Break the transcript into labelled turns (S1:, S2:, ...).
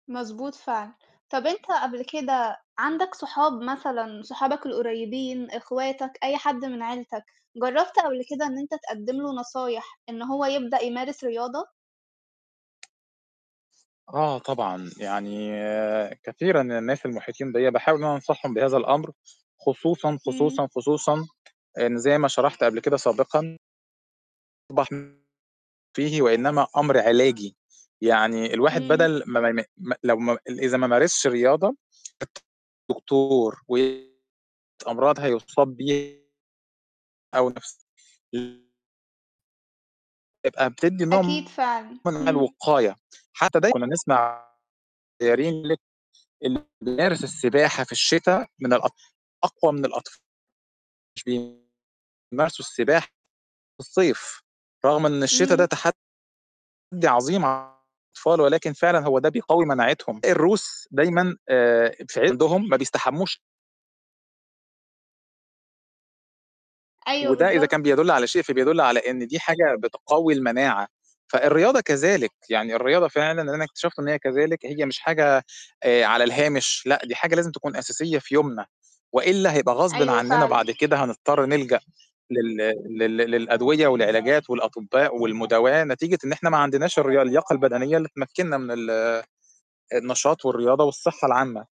S1: مضبوط فعلًا. طب أنت قبل كده عندك صحاب مثلًا صحابك القريّبين، اخواتك، أي حد من عيلتك، جرّبت قبل كده إن أنت تقدّم له نصايح إن هو يبدأ يمارس رياضة؟
S2: آه طبعًا، يعني كثيرًا من الناس المحيطين بيَّ باحاول إن أنا أنصحهم بهذا الأمر، خصوصًا،
S1: إمم.
S2: خصوصًا، خصوصًا، إن زي ما شرحت قبل كده سابقًا [unintelligible] فيه وإنما أمر علاجي. يعني الواحد
S1: إمم.
S2: بدل ما ما ما لو ما إذا ما مارسش رياضة، [unintelligible] دكتور و [unintelligible] أمراض هيصاب بي أو نفس [unintelligible] تبقى بتدِّي نوع
S1: أكيد فعلًا.
S2: من
S1: إمم.
S2: الوقاية، حتّى دايمًا كنا نسمع [unintelligible] اللي بيمارس السباحة في الشتا من الأط أقوى من الأطف [unintelligible] بيمارسوا السباحة في الصيف، رغم إن الشتا ده
S1: إمم.
S2: تحدَّي عظيم على الأطفال ولكن فعلًا هو ده بيقوي مناعتهم، الروس دايمًا آآ في عندهم ما بيستحموش
S1: أيوه
S2: وده إذا كان
S1: بالضبط.
S2: بيدل على شيء فبيدل على إن دي حاجة بتقوي المناعة، فالرياضة كذلك، يعني الرياضة فعلًا أنا اكتشفت إن هي كذلك، هي مش حاجة آآ على الهامش، لأ دي حاجة لازم تكون أساسية في يومنا، وإلا هيبقى غصبٍ
S1: أيوه
S2: عننا
S1: فعلًا.
S2: بعد كده هنضطر نلجأ لل لل للأدوية والعلاجات والأطباء والمداواة نتيجة إن إحنا ما عندناش الريا اللياقة البدنية اللي تمكننا من ال النشاط والرياضة والصحّة العامّة.